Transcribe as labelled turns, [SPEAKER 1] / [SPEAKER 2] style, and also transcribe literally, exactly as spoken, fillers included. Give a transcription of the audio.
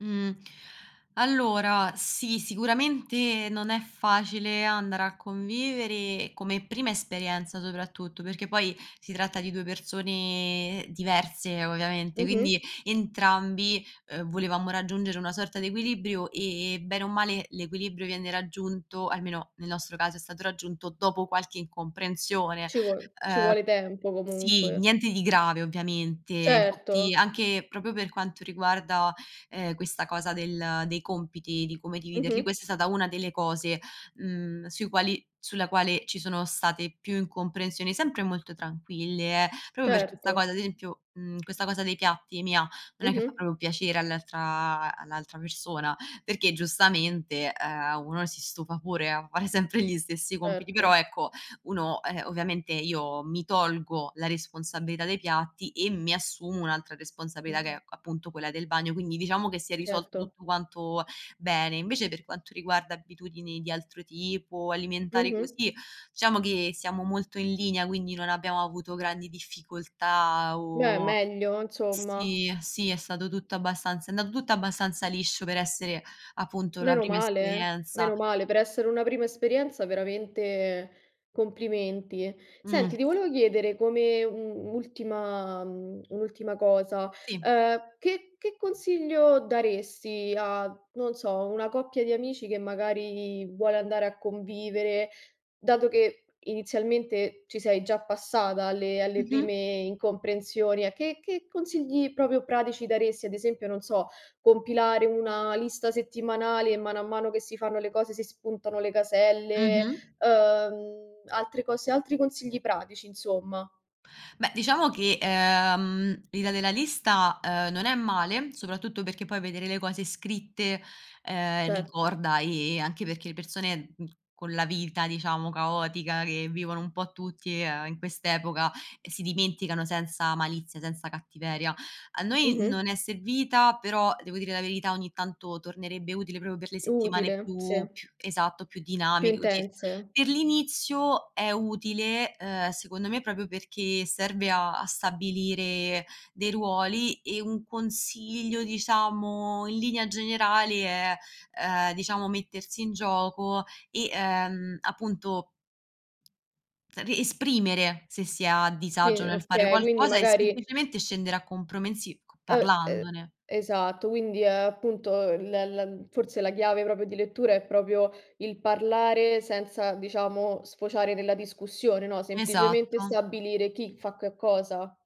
[SPEAKER 1] Mh, allora sì, sicuramente non è facile andare a convivere come prima esperienza soprattutto, perché poi si tratta di due persone diverse ovviamente,
[SPEAKER 2] Mh-mh.
[SPEAKER 1] quindi entrambi, uhm, volevamo raggiungere una sorta di equilibrio, ehm, bene o male l'equilibrio viene raggiunto, almeno nel nostro caso è stato raggiunto dopo qualche incomprensione,
[SPEAKER 2] Ci vuol ci
[SPEAKER 1] ehm
[SPEAKER 2] vuole tempo,
[SPEAKER 1] sì,
[SPEAKER 2] comunque.
[SPEAKER 1] niente di grave ovviamente. Infatti
[SPEAKER 2] Certo.
[SPEAKER 1] anche proprio per quanto riguarda, ehm, questa cosa del dei compiti, di come dividerli,
[SPEAKER 2] Mh-mh.
[SPEAKER 1] questa è stata una delle cose, mhmm, sui quali sulla quale ci sono state più incomprensioni, sempre molto tranquille, eh, proprio per questa
[SPEAKER 2] Certo.
[SPEAKER 1] cosa, ad esempio, mhmm, questa cosa dei piatti mia, non è che fa
[SPEAKER 2] Mh-mh.
[SPEAKER 1] proprio piacere all'altra all'altra persona, perché giustamente, ehm, uno si stufa pure a fare sempre gli stessi compiti. Però,
[SPEAKER 2] erto.
[SPEAKER 1] ecco, uno, ehm, ovviamente io mi tolgo la responsabilità dei piatti e mi assumo un'altra responsabilità che
[SPEAKER 2] Mh-mh.
[SPEAKER 1] è appunto quella del bagno. Quindi diciamo che si è risolto
[SPEAKER 2] Certo.
[SPEAKER 1] tutto quanto bene. Invece per quanto riguarda abitudini di altro tipo, alimentari
[SPEAKER 2] Mh-mh.
[SPEAKER 1] così, diciamo che siamo molto in linea, quindi non abbiamo avuto grandi difficoltà
[SPEAKER 2] Beh
[SPEAKER 1] o
[SPEAKER 2] meglio, insomma.
[SPEAKER 1] sì, sì, è stato tutto abbastanza è andato tutto abbastanza liscio per essere appunto la
[SPEAKER 2] Meno
[SPEAKER 1] prima
[SPEAKER 2] male, eh,
[SPEAKER 1] esperienza.
[SPEAKER 2] meno male. Per essere una prima esperienza, veramente complimenti.
[SPEAKER 1] Mh.
[SPEAKER 2] Senti, ti volevo chiedere come u un'ultima mhmm, un'ultima cosa,
[SPEAKER 1] Sì.
[SPEAKER 2] ehm, che che consiglio daresti a, non so, una coppia di amici che magari vuole andare a convivere, dato che inizialmente ci sei già passata alle alle
[SPEAKER 1] Mh-mh.
[SPEAKER 2] prime incomprensioni. A che che consigli proprio pratici daresti? Ad esempio, non so, compilare una lista settimanale e mano a mano che si fanno le cose, si spuntano le caselle,
[SPEAKER 1] Mh-mh.
[SPEAKER 2] uhm, altre cose, altri consigli pratici, insomma.
[SPEAKER 1] Beh, diciamo che, ehm, l'idea della lista, ehm, non è male, soprattutto perché poi vedere le cose scritte, ehm,
[SPEAKER 2] Certo.
[SPEAKER 1] ricorda, ehm, anche perché le persone, mhmm, con la vita diciamo caotica che vivono un po' tutti, ehm, in quest'epoca, ehm, si dimenticano senza malizia, senza cattiveria. A noi non
[SPEAKER 2] Mh-mh.
[SPEAKER 1] è servita, però devo dire la verità ogni tanto tornerebbe utile proprio per le settimane
[SPEAKER 2] Utile, sì.
[SPEAKER 1] più più esatto, più
[SPEAKER 2] Più
[SPEAKER 1] dinamiche, così.
[SPEAKER 2] intense.
[SPEAKER 1] Per l'inizio è utile, ehm, secondo me proprio perché serve a a stabilire dei ruoli e un consiglio, diciamo, in linea generale è, ehm, diciamo, mettersi in gioco e, ehm, appunto, e esprimere se si è a
[SPEAKER 2] Vi
[SPEAKER 1] disagio nel fare
[SPEAKER 2] okay. Quindi
[SPEAKER 1] qualcosa e
[SPEAKER 2] magari
[SPEAKER 1] semplicemente scendere a compromessi c
[SPEAKER 2] Uhm, uhm,
[SPEAKER 1] parlandone.
[SPEAKER 2] esatto. Quindi, uhm, appunto, l la forse la chiave proprio di lettura è proprio il parlare senza, diciamo, sfociare nella discussione, no, semplicemente
[SPEAKER 1] Esatto.
[SPEAKER 2] stabilire chi fa che cosa.